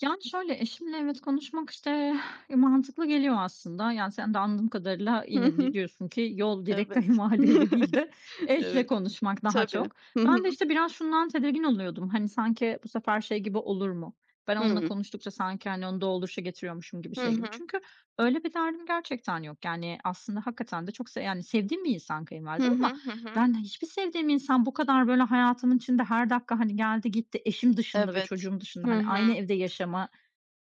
Yani, şöyle, eşimle evet konuşmak, işte, eee, mantıklı geliyor aslında. Yani sen de anladığım kadarıyla Hı yine di hı. diyorsun ki yol direkt Evet. kayınvalideyle değil de eşle Evet. konuşmak daha Tabii. çok. Hı Ben hı. de, işte, biraz şundan tedirgin oluyordum; hani, sanki bu sefer şey gibi olur mu, ben onunla Hıı. konuştukça sanki, hani, onu dolduruşa getiriyormuşum gibi, Hı şey gibi. hı. Çünkü öyle bir derdim gerçekten yok. Yani aslında hakikaten de çok s yani, sevdiğim bir insan Hı kayınvalidem ama hı, hı hı. ben hiçbir sevdiğim insan bu kadar böyle hayatımın içinde; her dakika, hani, geldi, gitti, eşim dışında ve Evet. çocuğum dışında, Hı hani, hı. aynı evde yaşama,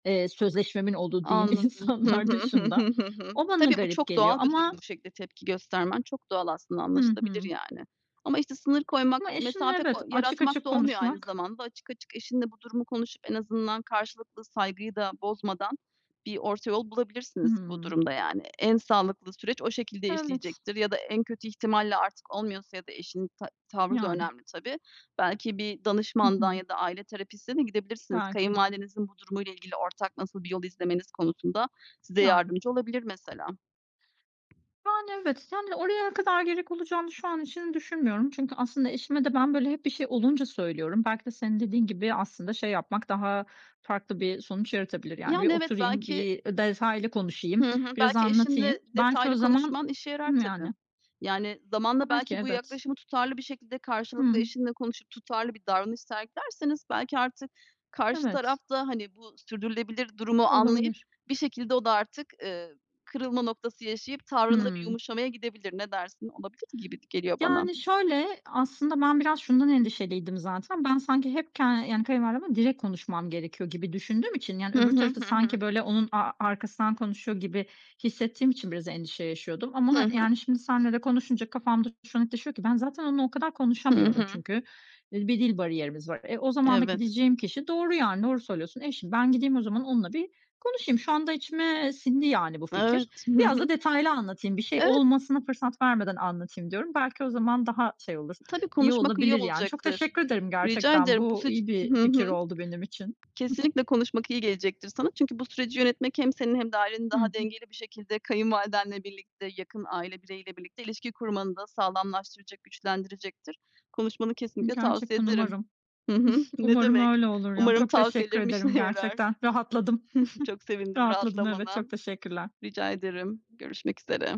eee, sözleşmemin olduğu diyeyim Anladım. Hı hı, insanlar hı dışında hı, hı hı. O bana Tabii, bu garip çok geliyor doğal bir durum. ama Bu şekilde tepki göstermen çok doğal aslında, Hı anlaşılabilir hı. yani. Ama işte sınır koymak, Ama eşimle mesafe evet, ko açık yaratmak açık da olmuyor aynı konuşmak. zamanda. Açık açık eşinle bu durumu konuşup en azından karşılıklı saygıyı da bozmadan bir orta yol bulabilirsiniz bu Hımm. durumda, yani. En sağlıklı süreç o şekilde Evet. işleyecektir ya da en kötü ihtimalle artık olmuyorsa ya da eşinin ta tavrı da Yani. önemli tabii, belki bir Hı danışmandan hı. ya da aile terapistine de gidebilirsiniz. Belki. Kayınvalidenizin bu durumuyla ilgili ortak nasıl bir yol izlemeniz konusunda size Yani. yardımcı olabilir mesela. Yani, evet, [unintelligible] oraya kadar gerek olacağını şu an için düşünmüyorum. Çünkü aslında eşime de ben, böyle, hep bir şey olunca söylüyorum. Belki de senin dediğin gibi, aslında şey yapmak daha farklı bir sonuç yaratabilir. Yani bir Yani, evet, oturayım, belki bir, ııı, detaylı konuşayım, Hı hı, biraz belki anlatayım. eşinle Belki o detaylı zaman konuşman işe yarar, Değil mi, yani? tabii. Yani zamanla Belki, belki bu evet. yaklaşımı tutarlı bir şekilde Hı karşılıklı hı. eşinle konuşup tutarlı bir davranış sergilerseniz belki artık karşı taraf Evet. da, hani, bu sürdürülebilir durumu anlayıp Olabilir. bir şekilde o da artık, ııı, kırılma noktası yaşayıp tavrında bir Hımm. yumuşamaya gidebilir. Ne dersin? Olabilir gibi geliyor bana. Yani şöyle, aslında ben biraz şundan endişeliydim zaten, ben sanki hep k yani kayınvalidemle direkt konuşmam gerekiyor gibi düşündüğüm için yani Hı öbür hı, tarafı hı hı. sanki böyle onun a arkasından konuşuyor gibi hissettiğim için biraz endişe yaşıyordum. Ama Hı ha hı. yani şimdi seninle de konuşunca kafamda şu netleşiyor ki ben zaten onunla o kadar Hı konuşamıyorum hı. çünkü, eee, bir dil bariyerimiz var. E, o zaman da Evet. gideceğim kişi doğru yani doğru söylüyorsun, eşim. Ben gideyim o zaman onunla bir konuşayım. Şu anda içime sindi yani bu fikir. Evet. Hı Biraz da hı. detaylı anlatayım, bir şey Evet. olmasına fırsat vermeden anlatayım diyorum. Belki o zaman daha şey olur, Tabii, iyi konuşmak iyi olabilir yani. Çok olacaktır. teşekkür ederim Rica gerçekten, ederim. Bu bu seç iyi bir Hı fikir hı. oldu benim için. Kesinlikle konuşmak iyi gelecektir sana çünkü bu süreci yönetmek hem senin hem de ailenin Hı daha hı. dengeli bir şekilde kayınvalidenle birlikte, yakın aile bireyiyle birlikte ilişki kurmanı da sağlamlaştıracak, güçlendirecektir. Konuşmanı I kesinlikle tavsiye gerçekten ederim. umarım. Hı hı. Ne Umarım demek. öyle olur ya. Umarım Çok teşekkür tavsiyelerim ederim, işine yarar. gerçekten rahatladım. Çok sevindim Rahatladım evet, rahatlamana. çok teşekkürler. Rica ederim. Görüşmek üzere.